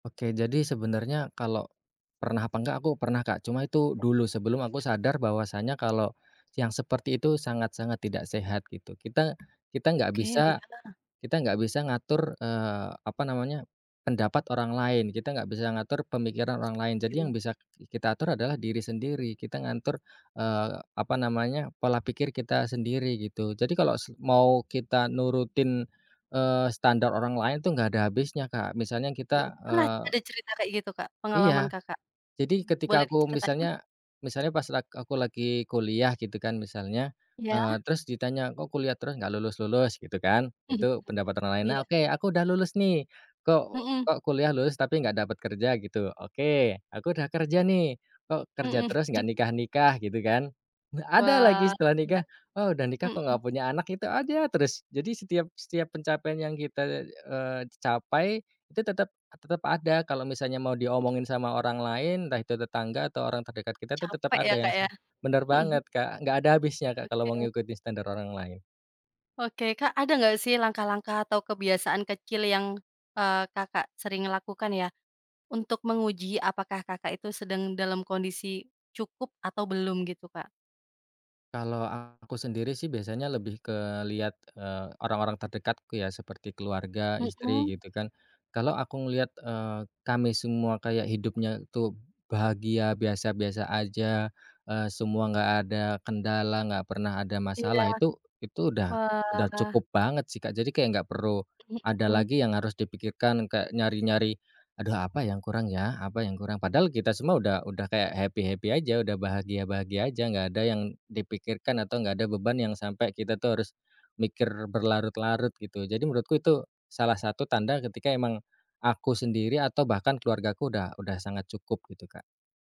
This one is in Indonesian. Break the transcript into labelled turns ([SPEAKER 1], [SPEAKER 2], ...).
[SPEAKER 1] Oke, jadi sebenarnya kalau, pernah apa enggak, aku pernah, Kak. Cuma itu dulu sebelum aku sadar bahwasanya kalau yang seperti itu sangat-sangat tidak sehat gitu, kita, kita enggak
[SPEAKER 2] Oke,
[SPEAKER 1] bisa
[SPEAKER 2] iya.
[SPEAKER 1] kita enggak bisa ngatur, eee, apa namanya, pendapat orang lain, kita enggak bisa ngatur pemikiran orang lain. Jadi yang
[SPEAKER 2] Setuju.
[SPEAKER 1] bisa kita atur adalah diri sendiri kita ngatur, eee, apa namanya, pola pikir kita sendiri gitu. Jadi kalau se mau kita nurutin, eee, standar orang lain tuh nggak ada habisnya, Kak, misalnya kita,
[SPEAKER 2] Mhm, pernah ada
[SPEAKER 1] eee
[SPEAKER 2] cerita kayak gitu, Kak? Pengalaman
[SPEAKER 1] Iya,
[SPEAKER 2] Kakak,
[SPEAKER 1] jadi ketika
[SPEAKER 2] boleh
[SPEAKER 1] aku
[SPEAKER 2] diceritain?
[SPEAKER 1] misalnya misalnya pas lag aku lagi kuliah gitu kan misalnya, eee,
[SPEAKER 2] Iya.
[SPEAKER 1] terus ditanya, "Kok kuliah terus nggak lulus-lulus?" Gitu kan. Itu pendapat orang lain nah,
[SPEAKER 2] Iya.
[SPEAKER 1] oke aku udah lulus nih, "kok
[SPEAKER 2] Mhm.
[SPEAKER 1] kok kuliah lulus tapi nggak dapet kerja?" Gitu, oke aku udah kerja nih, "kok kerja
[SPEAKER 2] Mhm,
[SPEAKER 1] terus
[SPEAKER 2] hmm.
[SPEAKER 1] nggak nikah-nikah?" Gitu kan, ada lagi
[SPEAKER 2] Wah,
[SPEAKER 1] setelah
[SPEAKER 2] iya.
[SPEAKER 1] nikah, "Oh, udah nikah kok
[SPEAKER 2] Mhm.
[SPEAKER 1] nggak punya anak?" Gitu aja terus. Jadi setiap setiap pencapaian yang kita, eee, capai itu tetep tetep ada kalau misalnya mau diomongin
[SPEAKER 2] Mhm.
[SPEAKER 1] sama orang lain, entah itu tetangga atau orang terdekat kita itu tetap
[SPEAKER 2] Capek ya,
[SPEAKER 1] ada yang
[SPEAKER 2] Kak,
[SPEAKER 1] se
[SPEAKER 2] ya,
[SPEAKER 1] benar
[SPEAKER 2] mhm.
[SPEAKER 1] banget, Kak, nggak ada habisnya, Kak, kalau mau
[SPEAKER 2] Oke.
[SPEAKER 1] ngikutin standar orang lain.
[SPEAKER 2] Oke, Kak, ada nggak sih langkah-langkah atau kebiasaan kecil yang, eee, Kakak sering lakukan ya, untuk menguji apakah Kakak itu sedang dalam kondisi, cukup atau belum gitu, Kak?
[SPEAKER 1] Kalau aku sendiri sih biasanya lebih ke lihat, eee, orang-orang terdekatku ya seperti keluarga, istri
[SPEAKER 2] Mhm.
[SPEAKER 1] gitu kan. Kalau aku ngelihat, eee, kami semua kayak hidupnya tuh bahagia, biasa-biasa aja, eee, semua nggak ada kendala, nggak pernah ada
[SPEAKER 2] Iya,
[SPEAKER 1] masalah, itu itu udah udah
[SPEAKER 2] wah.
[SPEAKER 1] cukup banget sih, Kak. Jadi kayak nggak perlu, ada
[SPEAKER 2] Mhm.
[SPEAKER 1] lagi yang harus dipikirkan kayak nyari-nyari, "Aduh apa yang kurang ya? Apa yang kurang?" Padahal kita semua udah udah kayak happy-happy aja, udah bahagia-bahagia aja, nggak ada yang dipikirkan atau nggak ada beban yang sampai kita tuh harus, mikir berlarut-larut gitu. Jadi menurutku itu, salah satu tanda ketika emang, aku sendiri atau bahkan keluargaku udah udah sangat cukup gitu, Kak.